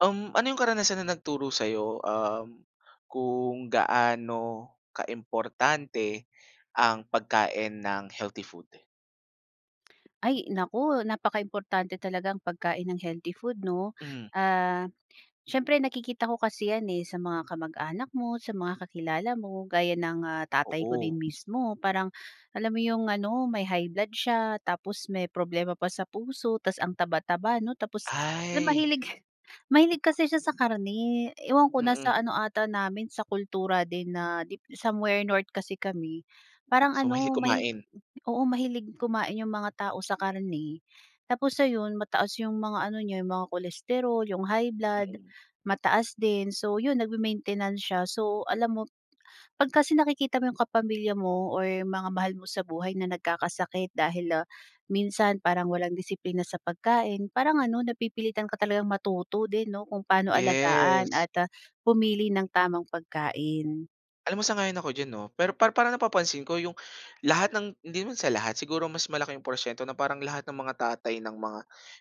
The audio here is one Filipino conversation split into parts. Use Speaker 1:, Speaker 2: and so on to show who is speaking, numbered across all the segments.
Speaker 1: Um, ano yung karanasan na nagturo sayo, um, kung gaano kaimportante ang pagkain ng healthy food?
Speaker 2: Ay naku napakaimportante talaga ang pagkain ng healthy food 'no.
Speaker 1: Mm.
Speaker 2: Ah, siyempre nakikita ko kasi yan eh, sa mga kamag-anak mo, sa mga kakilala mo gaya ng, ah, tatay ko din
Speaker 1: Oo.
Speaker 2: mismo parang alam mo yung ano may high blood siya, tapos may problema pa sa puso, tapos ang taba-taba 'no tapos la
Speaker 1: Ay.
Speaker 2: mahilig, mahilig kasi siya sa karne ewan ko na sa
Speaker 1: Mm.
Speaker 2: ano ata namin sa kultura din na dip somewhere north kasi kami parang
Speaker 1: So,
Speaker 2: ano
Speaker 1: mahilig
Speaker 2: mahilig
Speaker 1: kumain.
Speaker 2: oo mahilig kumain yung mga tao sa karne tapos ayon mataas yung mga ano niya yung mga cholesterol, yung high blood,
Speaker 1: Mm.
Speaker 2: mataas din, so yun nagme-maintenance siya. So, alam mo pag kasi nakikita mo yung kapamilya mo or yung mga mahal mo sa buhay na nagkakasakit dahil, ah, minsan parang walang disiplina sa pagkain, parang ano napipilitan ka talagang matuto din 'no kung paano alagaan
Speaker 1: Yes.
Speaker 2: at, ah, pumili ng tamang pagkain.
Speaker 1: Alam mo sang-ayon ako diyan 'no, pero para parang napapansin ko yung lahat ng hindi naman sa lahat, siguro mas malaki yung porsiyento na parang lahat ng mga tatay ng mga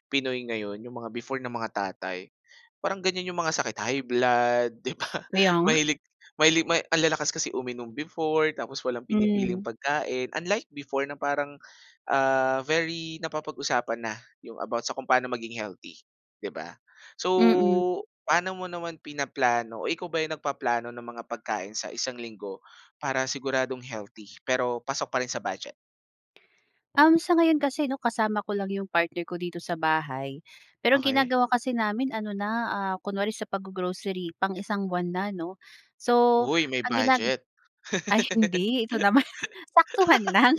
Speaker 1: Pinoy ngayon, yung mga before na mga tatay, parang ganyan yung mga sakit, high blood, 'di ba?
Speaker 2: Kaya nga.
Speaker 1: Mahilig mahilig ma ang lalakas kasi uminom before, tapos walang pinipiling
Speaker 2: Hmm.
Speaker 1: pagkain. Unlike before na parang, ah, very napapag-usapan na yung about sa kung paano maging healthy, 'di ba? So,
Speaker 2: Mm.
Speaker 1: pa'no mo naman pinaplano o ikaw ba yung nagpaplano ng mga pagkain sa 1 linggo para siguradong healthy pero pasok pa rin sa budget?
Speaker 2: Um, sa ngayon kasi 'no kasama ko lang yung partner ko dito sa bahay. Pero
Speaker 1: Okey.
Speaker 2: ginagawa kasi namin ano na, ah, kunwari sa paggo-grocery pang 1 buwan na 'no. So,
Speaker 1: Uy, may
Speaker 2: ang ginag
Speaker 1: budget.
Speaker 2: ay hindi, ito naman saktuhan lang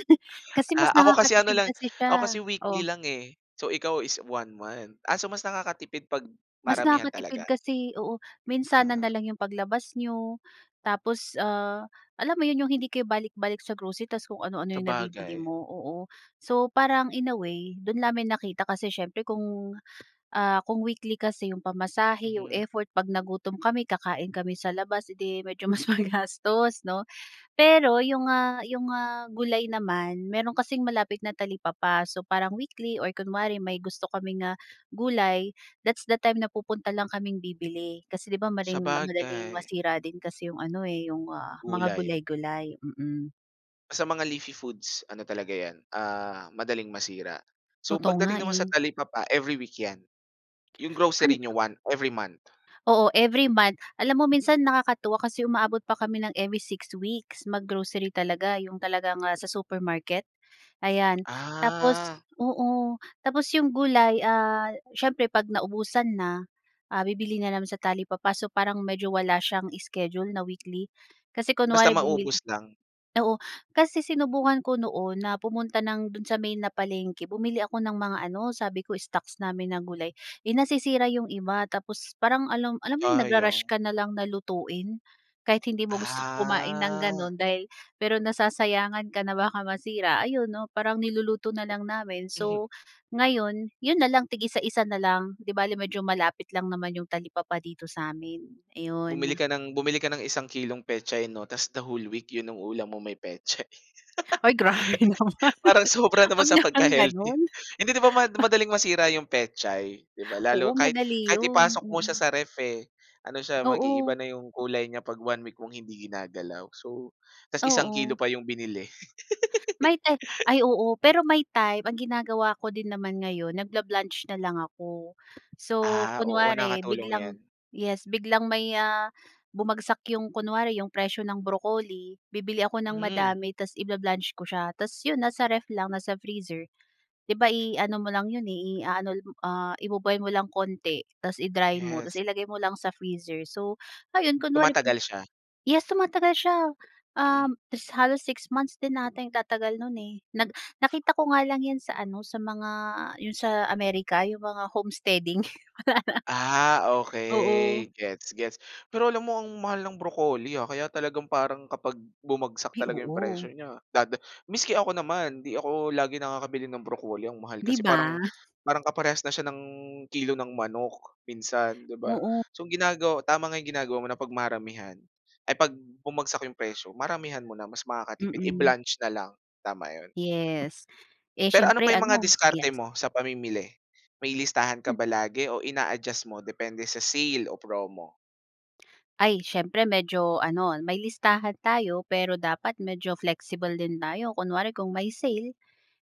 Speaker 2: kasi mas
Speaker 1: Ah, ako kasi ano
Speaker 2: nakakatipid
Speaker 1: lang,
Speaker 2: kasi
Speaker 1: ako
Speaker 2: siya
Speaker 1: kasi weekly
Speaker 2: oh?
Speaker 1: lang eh, so ikaw is 1 month. Ah, so mas nakakatipid 'pag
Speaker 2: Mas
Speaker 1: maramihan talaga.
Speaker 2: nakakatipid kasi oo. Minsanan
Speaker 1: Ah.
Speaker 2: na lang yung paglabas n'yo, tapos, ah, alam mo yun, yung hindi kayo balik-balik sa grocery tapos kung ano-ano yung nabibili
Speaker 1: Sabagay.
Speaker 2: mo, oo. So, parang in a way, do'n namin nakita kasi siyempre kung, ah, kung weekly kasi yung pamasahe, yung
Speaker 1: Mhm.
Speaker 2: effort, 'pag nagutom kami kakain kami sa labas, edi medyo mas magastos 'no. Pero yung, ah, yung, ah, gulay naman, meron kasing malapit na talipapa. So, parang weekly or kunwari may gusto kaming, ah, gulay, that's the time na pupunta lang kaming bibili. Kasi 'di ba maring madaling
Speaker 1: Sabagay.
Speaker 2: masira din kasi yung ano eh, yung mga
Speaker 1: Gulay.
Speaker 2: gulay-gulay. Mm.
Speaker 1: Sa mga leafy foods, ano talaga 'yan, ah, madaling masira, so,
Speaker 2: Totoo nga,
Speaker 1: pagdating naman sa
Speaker 2: eh.
Speaker 1: talipapa, every week 'yan. 'Yong grocery niyo
Speaker 2: [unintelligible]
Speaker 1: 1 every month.
Speaker 2: Oo, every month. Alam mo minsan nakakatuwa kasi umaabot pa kami ng every 6 weeks mag-grocery talaga, 'yong talagang, ah, sa supermarket. Ayan tapos
Speaker 1: Ah.
Speaker 2: oo, tapos 'yong gulay, ah, siyempre 'pag naubusan na, ah, bibili na lang sa talipapa. So parang medyo wala s'yang schedule na weekly. Kasi
Speaker 1: Basta
Speaker 2: kunwari bumili
Speaker 1: maubos lang.
Speaker 2: oo, kasi sinubukan ko noon na pumunta ng, do'n sa main na palengke, bumili ako ng mga ano sabi ko stocks namin ng gulay, eh nasisira 'yong iba tapos parang alam alam mo 'yong nag-ru-rush
Speaker 1: Sayang.
Speaker 2: ka na lang na lutuin kahit hindi mo gustong kumain ng
Speaker 1: Ah.
Speaker 2: gano'n dahil pero nasasayangan ka na baka masira, ayon 'no parang niluluto na lang namin. So, ngayon 'yon na lang tig-isa-isa na lang. 'Di bale medyo malapit lang naman 'yong talipapa dito sa amin
Speaker 1: Bumili
Speaker 2: ayon.
Speaker 1: ka ng bumili ka ng isang kilong pechay 'no? Tapos the whole week 'yon ang ulam mo, may pechay.
Speaker 2: Ay, grabe naman.
Speaker 1: Parang sobra naman
Speaker 2: Wag
Speaker 1: sa
Speaker 2: namang
Speaker 1: pagka-healthy.
Speaker 2: gano'n.
Speaker 1: Hindi 'di ba ma-madaling masira 'yong pechay? 'Di ba
Speaker 2: Oo
Speaker 1: lalo kahit
Speaker 2: madali
Speaker 1: kahit
Speaker 2: 'yon,
Speaker 1: ipasok mo siya
Speaker 2: mhm.
Speaker 1: sa ano siya ref, eh, ano siya mag-iiba
Speaker 2: Oo.
Speaker 1: na 'yong kulay niya 'pag 1 week mong hindi ginagalaw so 'tas 1 kilo
Speaker 2: Oo.
Speaker 1: pa yung binili.
Speaker 2: May time ay, oo pero may time ang ginagawa ko din naman ngayon, nag-bla-blanch na lang ako. So
Speaker 1: Ah, oo
Speaker 2: kunware
Speaker 1: nakatulong
Speaker 2: biglang
Speaker 1: 'yan.
Speaker 2: yes biglang may, ah, bumagsak 'yong kunwari 'yog presyo ng broccoli, bibili ako ng
Speaker 1: Hmm.
Speaker 2: madami tas i-bla-blanch ko siya tapos 'yon nasa ref lang, nasa freezer. 'Di ba i-ano mo lang 'yon eh i-a-ano lang, ah, i-bo-boil mo lang konti tapos i-dry mo tapos
Speaker 1: Yes.
Speaker 2: ilagay mo lang sa freezer so ayon kunwari
Speaker 1: Tumatagal siya.
Speaker 2: yes tumatagal siya,
Speaker 1: Mm.
Speaker 2: um, halos 6 months din ata ang itatagal no'n eh. Nag nakita ko nga lang 'yan sa ano sa mga 'yon sa America, 'yong mga homesteading.
Speaker 1: Ah,
Speaker 2: Oo.
Speaker 1: okey gets, gets. Pero alam mo ang mahal ng broccoli, ah, kaya talagang parang kapag bumagsak
Speaker 2: Ay
Speaker 1: talaga 'yong presyo
Speaker 2: oo.
Speaker 1: n'ya dada maski ako naman, 'di ako lagi nakakabili ng broccoli ang mahal
Speaker 2: 'Di
Speaker 1: kasi, parang
Speaker 2: ba?
Speaker 1: parang kaparehas na siya ng kilo ng manok, minsan, 'di ba?
Speaker 2: Oo.
Speaker 1: So ang ginagawa tama nga 'yong ginagawa mo na 'pag maramihan ay, 'pag bumagsak 'yong presyo, maramihan mo na mas makakatipid,
Speaker 2: Mhm.
Speaker 1: i-blanch na lang tama 'yon.
Speaker 2: Yes. Eh,
Speaker 1: Pero ano
Speaker 2: s'yempre
Speaker 1: pa 'yong mga
Speaker 2: ano
Speaker 1: diskarte
Speaker 2: yes.
Speaker 1: mo sa pamimili? May listahan ka ba lagi o ina-adjust mo depende sa sale o promo?
Speaker 2: Ay siyempre, medyo ano may listahan tayo pero dapat medyo flexible din tayo kunwari kung may sale,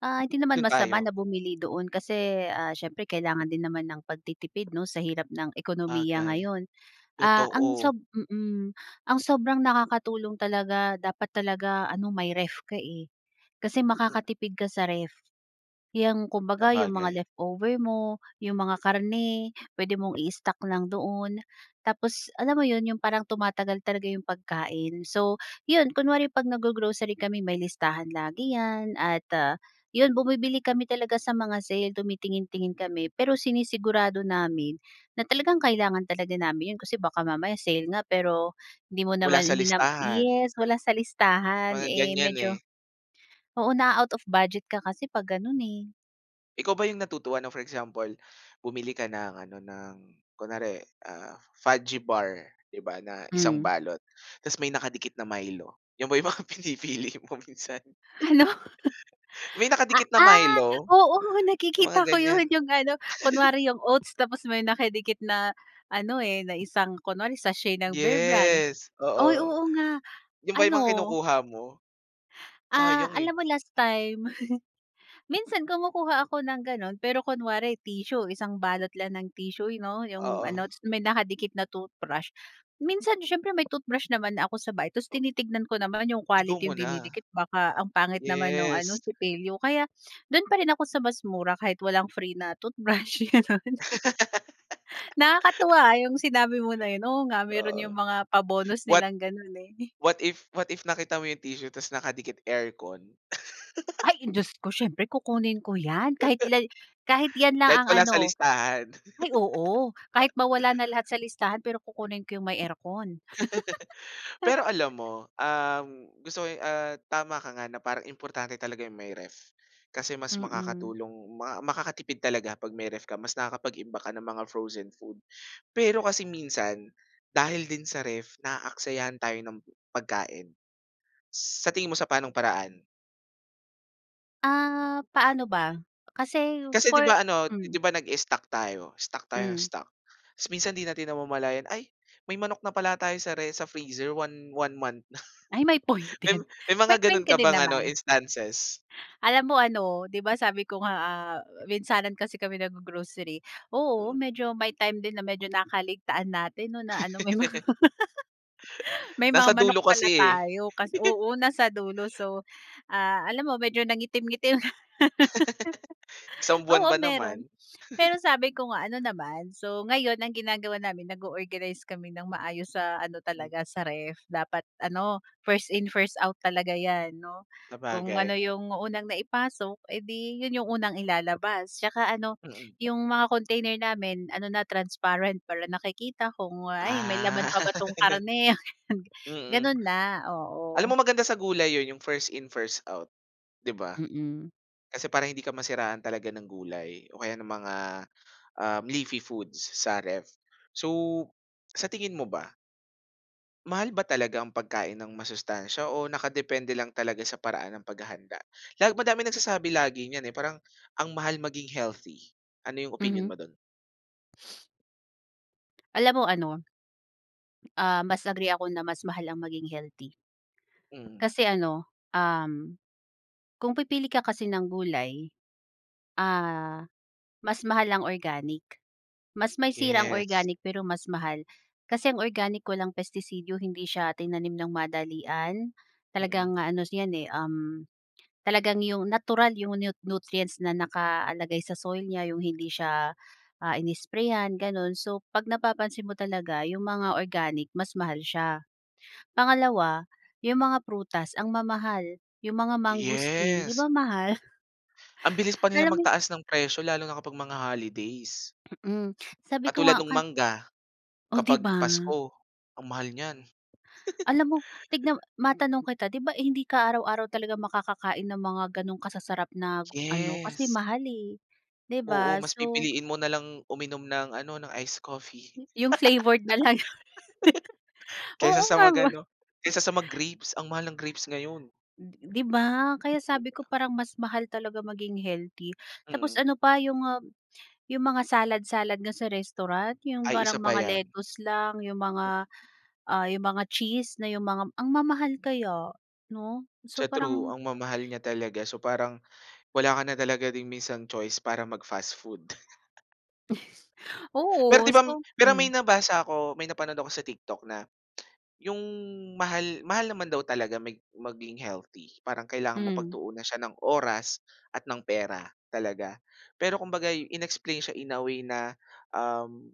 Speaker 2: ah, hindi naman
Speaker 1: Doon
Speaker 2: masama
Speaker 1: tayo.
Speaker 2: na bumili doon kasi, ah, siyempre kailangan din naman ng pagtitipid 'no sa hirap ng ekonomiya
Speaker 1: Bagay,
Speaker 2: ngayon. Ah, ang
Speaker 1: totoo.
Speaker 2: sob mm, ang sobrang nakakatulong talaga dapat talaga ano may ref ka eh. Kasi
Speaker 1: Mm
Speaker 2: makakatipid ka sa ref. 'Yong kumbaga yung mga
Speaker 1: Sabagay.
Speaker 2: leftover mo, yung mga karne, puwede mong i-stock lang doon, tapos alam mo 'yon 'yong parang tumatagal talaga 'yong pagkain. So, 'yon kunwari pag nag-go-grocery kami may listahan lagi yan at, ah, 'yon bumibili kami talaga sa mga sale tumitingin-tingin kami pero sinisigurado namin na talagang kailangan talaga namin 'yon kasi baka mamaya sale nga pero, hindi mo
Speaker 1: Wala
Speaker 2: naman
Speaker 1: sa
Speaker 2: hindi nam
Speaker 1: listahan.
Speaker 2: yes wala sa
Speaker 1: Oh,
Speaker 2: listahan
Speaker 1: mga
Speaker 2: eh,
Speaker 1: ganyan
Speaker 2: medyo,
Speaker 1: eh.
Speaker 2: oo na-a-out of budget ka kasi 'pag ganun eh.
Speaker 1: Ikaw ba yung natutuwa ng for example, bumili ka ng ano ng, kunwari, ah, Fudgee Bar 'di ba na 1
Speaker 2: Hmm.
Speaker 1: balot, ta's may nakadikit na Milo. 'Yon ba 'yong mga pinipili mo minsan?
Speaker 2: Hala.
Speaker 1: May
Speaker 2: Ah,
Speaker 1: nakadikit na
Speaker 2: ah,
Speaker 1: Milo.
Speaker 2: oo
Speaker 1: Sa mga
Speaker 2: nakikita ko
Speaker 1: ganiyan.
Speaker 2: 'yon yung ano kunwari yung oats tapos may nakadikit na, an,o eh, na isang kunwari sa sachet ng Bearbrand.
Speaker 1: Yes,
Speaker 2: Ay
Speaker 1: oo.
Speaker 2: oo nga.
Speaker 1: 'Yon ba 'yong mga
Speaker 2: Ano
Speaker 1: kinukuha mo?
Speaker 2: Ah,
Speaker 1: Sayang
Speaker 2: alam
Speaker 1: eh.
Speaker 2: mo last time, minsan kumukuha ako ng ganun pero kunwari tissue 1 balot lang ng tissue, eh, 'no yung
Speaker 1: Oo.
Speaker 2: ano tas may nakadikit na toothbrush. Minsan siyempre may toothbrush naman na ako sa bahay ta's
Speaker 1: O
Speaker 2: tinitignan ko naman yung
Speaker 1: I-go mo
Speaker 2: quality yung
Speaker 1: na.
Speaker 2: dinidikit baka ang pangit naman nung ano
Speaker 1: Yes.
Speaker 2: sipilyo kaya, dun pa rin ako sa mas mura kahit walang free na toothbrush ganun. Nakakatuwa yung sinabi mo na yun, oo nga meron
Speaker 1: Oo.
Speaker 2: yung mga pa-bonus
Speaker 1: What
Speaker 2: nilang ganun eh.
Speaker 1: what if, what if nakita mo yung tissue tas nakadikit aircon.
Speaker 2: Ay! Eh, jusko siyempre kukunin ko yan kahit lal kahit yan lang
Speaker 1: Kahit
Speaker 2: ang
Speaker 1: wala
Speaker 2: ano.
Speaker 1: sa listahan.
Speaker 2: Ay oo, kahit mawala na lahat sa listahan pero kukunin ko yung may aircon.
Speaker 1: Pero alam mo, um, gusto ko, eh, ah, tama ka nga na parang importante talaga yung may ref. Kasi mas
Speaker 2: Mm.
Speaker 1: makakatulong maka makakatipid talaga 'pag may ref ka mas nakakapag-imbak ka ng mga frozen food. Pero kasi minsan, dahil din sa ref naaksayahan tayo ng pagkain. Sa tingin mo sa panong paraan?
Speaker 2: Ah, paano ba? Kasi,
Speaker 1: Kasi 'di
Speaker 2: for
Speaker 1: ba ano, 'di
Speaker 2: hmm.
Speaker 1: ba nag-i-stock tayo? Stock tayo nang
Speaker 2: Hmm.
Speaker 1: stock. Tapos minsan 'di natin namamalayan, ay may manok na pala tayo sa re sa freezer one one month na.
Speaker 2: Ay may point
Speaker 1: May
Speaker 2: din.
Speaker 1: may mga
Speaker 2: May
Speaker 1: ganun
Speaker 2: point ka
Speaker 1: ka
Speaker 2: din
Speaker 1: bang ano
Speaker 2: naman.
Speaker 1: instances?
Speaker 2: Alam mo ano, 'di ba sabi ko nga, ah, minsanan kasi kami nag-g-grocery, oo
Speaker 1: Mm.
Speaker 2: medyo may time din na medyo nakakaligtaan natin 'no na ano may mga may mga
Speaker 1: Nasa
Speaker 2: manok
Speaker 1: dulo kasi
Speaker 2: pala
Speaker 1: eh.
Speaker 2: tayo kas oo nasa dulo so, ah, alam mo medyo nangitim-ngitim.
Speaker 1: 1 buwan
Speaker 2: Oo
Speaker 1: ba naman.
Speaker 2: meron. Pero sabi ko nga ano naman, so, ngayon ang ginagawa namin nag-o-organize kami ng maayos sa ano
Speaker 1: Hmm
Speaker 2: talaga sa ref, dapat ano, 1st in, 1st out talaga 'yan 'no. Kung
Speaker 1: Sabagay.
Speaker 2: ano yung unang naipasok edi yun yung unang ilalabas, tsaka ano,
Speaker 1: Mm.
Speaker 2: yung mga container namin ano na transparent para nakikita kung, ay may
Speaker 1: Ah.
Speaker 2: laman pa ba tong karne ganun.
Speaker 1: Mm.
Speaker 2: Ganun na,
Speaker 1: Alam mo
Speaker 2: oo.
Speaker 1: maganda sa gulay 'yon yung 1st in 1st out. 'Di ba?
Speaker 2: Mm.
Speaker 1: Kasi para hindi ka masiraan talaga ng gulay o kaya ng mga, um, leafy foods sa ref. So, sa tingin mo ba? Mahal ba talaga ang pagkain ng masustansiya o naka-depende lang talaga sa paraan ng pag-hahanda? Lag madaming nagsasabi lagi niyan eh, parang ang mahal maging healthy, ano 'yong opinyon
Speaker 2: Mhm.
Speaker 1: mo do'n?
Speaker 2: Alam mo ano ah, mas agree ako na mas mahal ang maging healthy.
Speaker 1: Mhm.
Speaker 2: Kasi ano, um, kung pipili ka kasi ng gulay, ah, mas mahal ang organic. Mas may sira ang
Speaker 1: Yes.
Speaker 2: organic pero mas mahal. Kasi ang organic walang pestisidyo, hindi siya tinanim ng madalian,
Speaker 1: Mm.
Speaker 2: talagang ano 'yan eh, um, talagang 'yong natural 'yong nut nutrients na nakalagay sa soil niya, 'yong hindi siya ah, in-i-sprayhan gano'n so 'pag napapansin mo talaga 'yong mga organic mas mahal siya. Pangalawa, 'yong mga prutas ang mamahal, 'yong mga mangosteen 'di
Speaker 1: Yes.
Speaker 2: ba mahal?
Speaker 1: Ang bilis pa nila
Speaker 2: Kala mo eh
Speaker 1: mag-taas ng presyo, lalo na kapag mga holidays.
Speaker 2: Mm, sabi ko
Speaker 1: Katulad
Speaker 2: nga
Speaker 1: nung
Speaker 2: kal
Speaker 1: mangga,
Speaker 2: o 'di
Speaker 1: kapag
Speaker 2: ba?
Speaker 1: pasko, ang mahal niyan.
Speaker 2: Alam mo, tignan m matanong kita di ba hindi ka araw-araw talaga makaka-kain ng mga 'ganong kasasarap na ano, kasi
Speaker 1: Yes.
Speaker 2: mahal eh, di
Speaker 1: Oo
Speaker 2: ba?
Speaker 1: mas
Speaker 2: So.
Speaker 1: pipiliin mo nalang uminom ng ano, ng ice coffee.
Speaker 2: Yung flavored na lang.
Speaker 1: Kaysa
Speaker 2: Oo
Speaker 1: sa
Speaker 2: nga
Speaker 1: mag
Speaker 2: ba.
Speaker 1: ano, kaysa sa mag-grapes, ang mahal ng grapes ngayon.
Speaker 2: 'Di ba? Kaya
Speaker 1: Yun
Speaker 2: sabi ko
Speaker 1: lang.
Speaker 2: parang mas mahal talaga maging healthy, tapos
Speaker 1: Mm.
Speaker 2: ano pa, yung ah, yung mga salad-salad nga sa restaurant yung
Speaker 1: Ay
Speaker 2: parang
Speaker 1: isa pa
Speaker 2: mga
Speaker 1: yan.
Speaker 2: lettuce lang, yung mga ah, yung mga cheese na yung mga ang mamahal kaya, 'no? So
Speaker 1: Sa true,
Speaker 2: parang
Speaker 1: ang mamahal niya talaga so parang, wala ka na talaga ding minsan choice para mag fast-food. Pero
Speaker 2: Oo,
Speaker 1: di ba
Speaker 2: so
Speaker 1: pero may
Speaker 2: hmm.
Speaker 1: nabasa ko may napanood ako sa TikTok na, yung mahal mahal naman daw talaga mag maging healthy, parang kailangan mong
Speaker 2: Mm.
Speaker 1: pagtuunan siya ng oras at ng pera talaga, pero kumbaga in-explain siya in a way na um,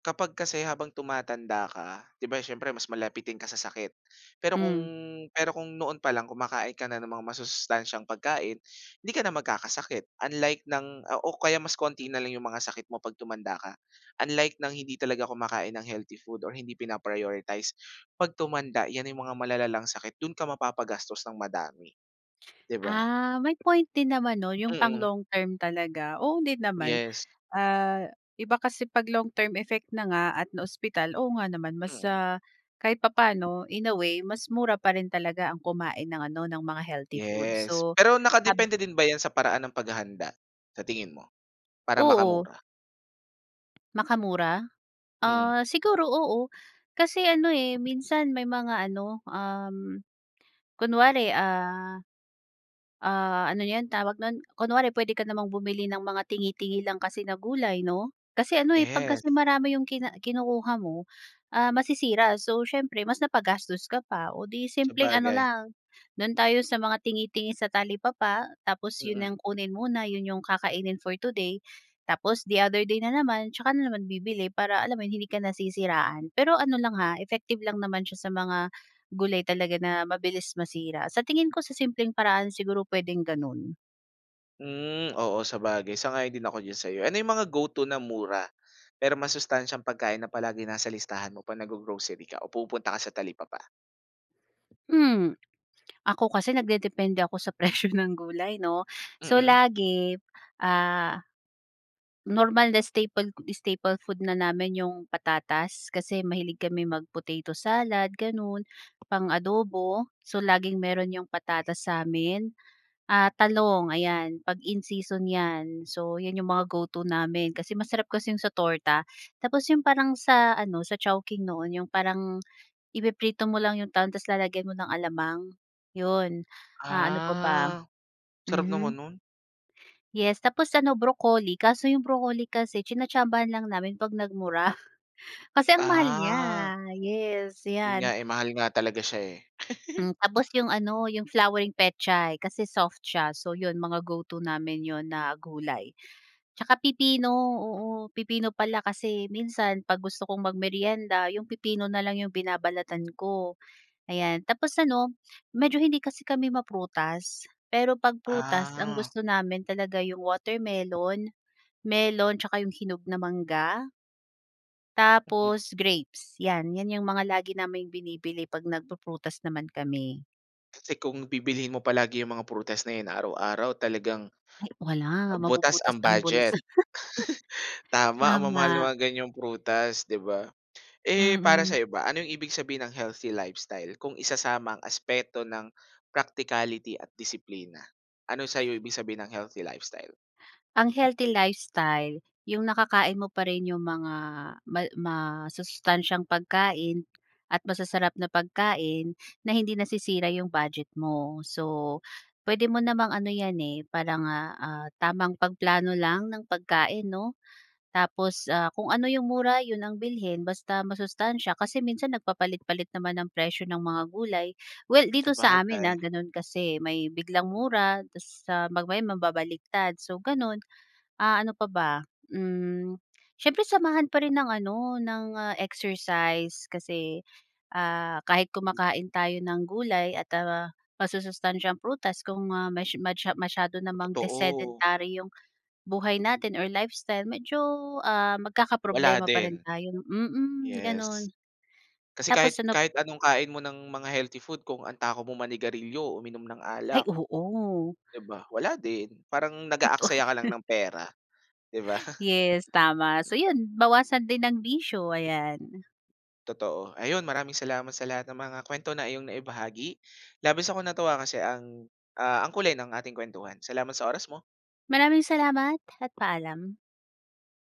Speaker 1: kapag kasi habang tumatanda ka, 'di ba siyempre mas malapitin ka sa sakit? Pero kung
Speaker 2: Mm.
Speaker 1: pero kung noon pa lang kumakain ka na ng mga masusustansyang pagkain, hindi ka na mag-kakasakit unlike ng o kaya mas konti na lang 'yong mga sakit mo 'pag tumanda ka, unlike ng hindi talaga kumakain ng healthy food or hindi pina prioritize, 'pag tumanda 'yan 'yong mga malalalang sakit do'n ka mapapa-gastos ng madami. 'Di ba?
Speaker 2: Ah, may point din naman 'no yung pang
Speaker 1: Mm.
Speaker 2: long term talaga, oo din naman.
Speaker 1: Yes.
Speaker 2: Ah, iba kasi pag long term effect na nga at na-ospital, oo nga naman mas
Speaker 1: Mm.
Speaker 2: ah, kahit papaano, in a way, mas mura pa rin talaga ang kumain ng ano, ng mga healthy food,
Speaker 1: Yes,
Speaker 2: so
Speaker 1: pero
Speaker 2: hab
Speaker 1: naka-depende din ba yan sa paraan ng pag-hahanda, sa tingin mo? Para
Speaker 2: Oo.
Speaker 1: makamura?
Speaker 2: Makamura?
Speaker 1: Mm.
Speaker 2: Ah, siguro, oo. Kasi ano, eh, minsan may mga ano, um, kunwari, ah, ah, ano 'yon tawag no'n? Kunwari puwede ka namang bumili ng mga tingi-tingi lang kasi na gulay 'no? Kasi ano, eh, 'pag
Speaker 1: Yes.
Speaker 2: kasi marami 'yong kina kinukuha mo, ah, masisira. So, siyempre mas napagastos ka pa. Oh, 'di simpleng ano
Speaker 1: Sabagay.
Speaker 2: lang, do'n tayo sa mga tingi-tingi sa talipapa tapos 'yon
Speaker 1: Mm.
Speaker 2: ang kunin muna, 'yon 'yong kakainin for today. Tapos the other day na naman tsaka na naman bibili para alam mo 'yon, hindi ka nasisiraan. Pero ano lang ha, effective lang naman siya sa mga gulay talaga na mabilis masira. Sa tingin ko sa simpleng paraan siguro puwedeng gano'n.
Speaker 1: Hmm. Oo, sabagay. Sang-ayon din ako diyan sa 'yo. Ano 'yong mga go-to na mura, pero masustansyang pagkain na palaging nasa listahan mo 'pag naggo-grocery ka o pumupunta ka sa talipapa?
Speaker 2: Hmm. Ako kasi nagdedepende ako sa presyo ng gulay 'no. So,
Speaker 1: Mm.
Speaker 2: lagi, ah, normal na staple staple food na namin 'yong patatas. Kasi mahilig kaming mag-potato salad, gano'n, pang-adobo. So, laging mayro'n 'yong patatas sa'min. Ah, talong, ayan 'pag in season 'yan. So 'yan 'yong mga go-to namin kasi masarap kasi 'yong sa torta. Tapos 'yong parang sa ano, sa Chowking noon 'yong parang ipiprito mo lang 'yong talong tapos lalagyan mo ng alamang, 'yon. Ah, ano pa ba?
Speaker 1: Ah. Sarap naman
Speaker 2: Mhm.
Speaker 1: no'n.
Speaker 2: Yes tapos ano, broccoli. Kaso 'yong broccoli kasi tsinatsambahan lang namin 'pag nagmura. Kasi ang mahal niya.
Speaker 1: Ah.
Speaker 2: Yes,
Speaker 1: 'Yon
Speaker 2: 'yan.
Speaker 1: nga, eh. Mahal nga talaga siya, eh.
Speaker 2: Hmm. Tapos 'yong ano, 'yong flowering pechay kasi soft siya. So, 'yon mga go-to namin 'yon na gulay. 'Tsaka pipino, oo. Pipino pala kasi minsan 'pag gusto kong mag-meryenda, 'yong pipino na lang 'yong binabalatan ko. Ayan, tapos ano, medyo hindi kasi kami ma-prutas. Pero 'pag prutas ang
Speaker 1: Ah.
Speaker 2: gusto namin talaga 'yong watermelon, melon tsaka 'yong hinog na mangga
Speaker 1: Mhm.
Speaker 2: tapos grapes. 'Yan, 'yan 'yong mga lagi naming binibili 'pag nagpu-prutas naman kami.
Speaker 1: Kasi kung bibilhin mo palagi ‘yong mga prutas na 'yon araw-araw, talagang
Speaker 2: Ay, wala.
Speaker 1: butas
Speaker 2: Mabubutas
Speaker 1: ang
Speaker 2: ang bulsa.
Speaker 1: budget. Tama, ang mamahal na
Speaker 2: Tama.
Speaker 1: mga ganyang prutas, ‘di ba? Eh, para
Speaker 2: Mm.
Speaker 1: sa’yo ba, ano 'yong ibig sabihin ng healthy lifestyle kung isasama ang aspeto ng practicality at disiplina? Ano sa’yo ibig sabihin ng healthy lifestyle?
Speaker 2: Ang healthy lifestyle, ‘yong nakakain mo pa rin ‘yong mga mal ma masustansyang pagkain at masasarap na pagkain na hindi nasisira ‘yong budget mo. So, pwede mo namang ano yan, eh, para nga, ah, tamang pagplano lang ng pagkain, ‘no? Tapos, ah, kung ano ‘yong mura, ‘yon ang bilhin, basta masustansya, kasi minsan, nagpapalit-palit naman ng presyo ng mga gulay. Well dito sa amin,
Speaker 1: Sabagay.
Speaker 2: ah, gano’n, kasi may biglang
Speaker 1: Mm.
Speaker 2: mura, tas sa mamaya mababaliktad, so gano’n. Ah, ano pa ba? Hmm, siyempre, samahan pa rin ng ano, ng, ah, exercise, kasi, ah, kahit kumakain tayo ng gulay at, ah, masusustansyang prutas, kung, ah, mas masya masyado namang
Speaker 1: Totoo.
Speaker 2: desedentary ‘yong buhay natin or lifestyle, medyo, ah,
Speaker 1: Wala
Speaker 2: magkakaproblema pa rin
Speaker 1: din.
Speaker 2: tayo, mm,
Speaker 1: Yes.
Speaker 2: gano’n.
Speaker 1: Kasi
Speaker 2: Tapos
Speaker 1: kahit
Speaker 2: ano
Speaker 1: kahit anong kain mo ng mga healthy food, kung ang takaw mong manigarilyo o uminom ng
Speaker 2: Ay,
Speaker 1: alak
Speaker 2: oo.
Speaker 1: di ba? Wala din. Parang
Speaker 2: Totoo
Speaker 1: nag-aaksaya ka lang
Speaker 2: yon.
Speaker 1: ng pera, di ba?
Speaker 2: Yes, tama. So 'yon, bawasan din ang bisyo, ayan.
Speaker 1: Totoo. Ayon, maraming salamat sa lahat ng mga kuwento na iyong naibahagi. Labis akong natuwa, kasi ang, ah, ang kulay ng ating kuwentuhan. Salamat sa oras mo.
Speaker 2: Maraming salamat, at paalam.